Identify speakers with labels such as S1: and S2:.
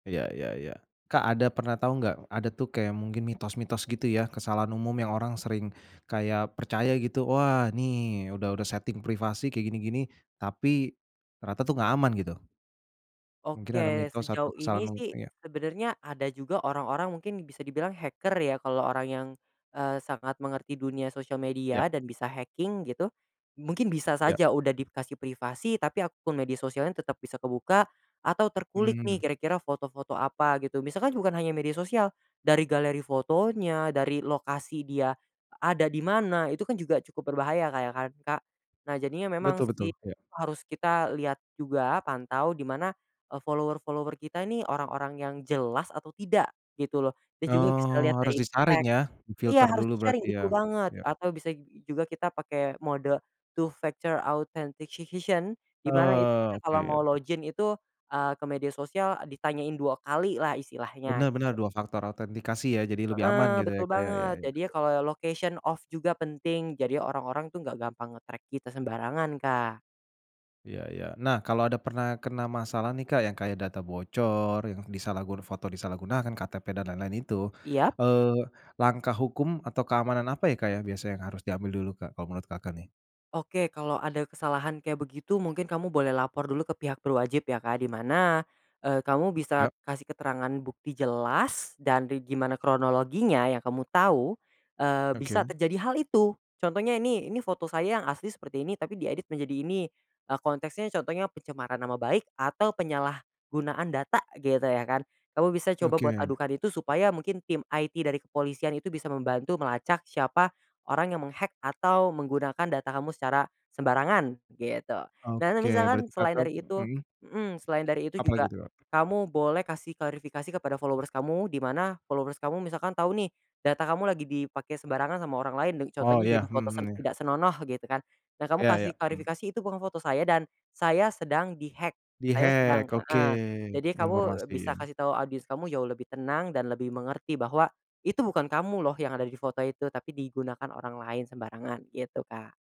S1: Iya iya iya, Kak ada pernah tahu nggak, ada tuh kayak mungkin mitos-mitos gitu ya kesalahan umum yang orang sering kayak percaya gitu, "Wah ini udah udah setting privasi kayak gini-gini tapi, ternyata tuh nggak aman," gitu. Mungkin ada
S2: Oke,
S1: mitos atau
S2: sejauh
S1: kesalahan
S2: ini
S1: mu
S2: sih
S1: kayak
S2: sebenarnya ada juga orang-orang mungkin bisa dibilang hacker ya kalau orang yang, eee, sangat mengerti dunia sosial media
S1: Iya.
S2: dan bisa hacking gitu, mungkin bisa
S1: Iya.
S2: saja udah dikasih privasi tapi akun media sosialnya tetap bisa kebuka, atau terkulik nih
S1: Mmm.
S2: kira-kira foto-foto apa gitu. Misalkan bukan hanya media sosial, dari galeri fotonya, dari lokasi dia ada di mana, itu kan juga cukup berbahaya kayak kan Kak. Nah jadinya
S1: Betul
S2: memang
S1: betul,
S2: sih,
S1: iya.
S2: harus kita lihat juga pantau di mana, eee, follower-follower kita nih orang-orang yang jelas atau tidak gitu loh, dan juga bisa dilihat
S1: Oh, harus
S2: dari
S1: disaring
S2: tag
S1: ya?
S2: iya,
S1: Difilter
S2: harus
S1: dulu
S2: disaring,
S1: berarti ya,
S2: betul banget
S1: yok.
S2: atau bisa ju juga kita pakai mode Two-Factor Authentication di mana itu
S1: Ah,
S2: kita
S1: oke
S2: kalau mau
S1: yo.
S2: login itu, eee, ke media sosial ditanyain 2 kalilah istilahnya.
S1: Benar benar, dua faktor autentikasi ya jadi lebih aman
S2: Heeh,
S1: gitu ya
S2: betul
S1: Kak ya? Ya
S2: banget.
S1: ya.
S2: Jadinya kalau location off juga penting, jadi orang-orang tuh nggak gampang nge-track kita sembarangan, Kak.
S1: Iya iya. Nah kalau ada pernah kena masalah nih Kak yang kayak data bocor yang disalahgun foto disalahgunakan, KTP dan lain lain itu,
S2: Iya.
S1: eee, langkah hukum atau keamanan apa ya Kak ya biasa yang harus diambil dulu Kak kalau menurut Kakak nih?
S2: Oke, kalau ada kesalahan kayak begitu mungkin kamu boleh lapor dulu ke pihak berwajib ya, Kak. Di mana, eee, kamu
S1: Ya.
S2: bisa kasih keterangan bukti jelas dan ri gimana kronologinya yang kamu tahu, eee, bisa
S1: Oke.
S2: terjadi hal itu contohnya nih, "Ini foto saya yang asli seperti ini tapi diedit menjadi ini," eee, konteksnya contohnya pencemaran nama baik atau penyalahgunaan data gitu ya kan. Kamu bisa coba buat
S1: Oke.
S2: adukan itu supaya mungkin tim IT dari kepolisian itu bisa membantu melacak siapa orang yang meng-hack atau menggunakan data kamu secara sembarangan, gitu. Dan
S1: Oke,
S2: misalkan
S1: berarti
S2: selain
S1: Kakak
S2: dari itu
S1: mhm?
S2: mhm, selain dari itu
S1: Apa
S2: juga
S1: lagi tuh, Kak?
S2: kamu boleh kasih klarifikasi kepada followers kamu, di mana followers kamu misalkan tahu nih data kamu lagi dipake sembarangan sama orang lain de
S1: Oh
S2: contohnya jadi
S1: iya, mhm
S2: foto
S1: mhm,
S2: sen
S1: iya.
S2: tidak senonoh gitu kan, dan kamu
S1: Iya iya,
S2: kasih
S1: mhm.
S2: klarifikasi, "Itu bukan foto saya dan saya sedang di-hack. Saya sedang"
S1: Di-hack oke,
S2: heeh, jadi kamu
S1: informasi
S2: bisa
S1: ya.
S2: kasih tahu audience kamu jauh lebih tenang dan lebih mengerti bahwa, itu bukan kamu loh yang ada di foto itu tapi digunakan orang lain sembarangan gitu, Kak.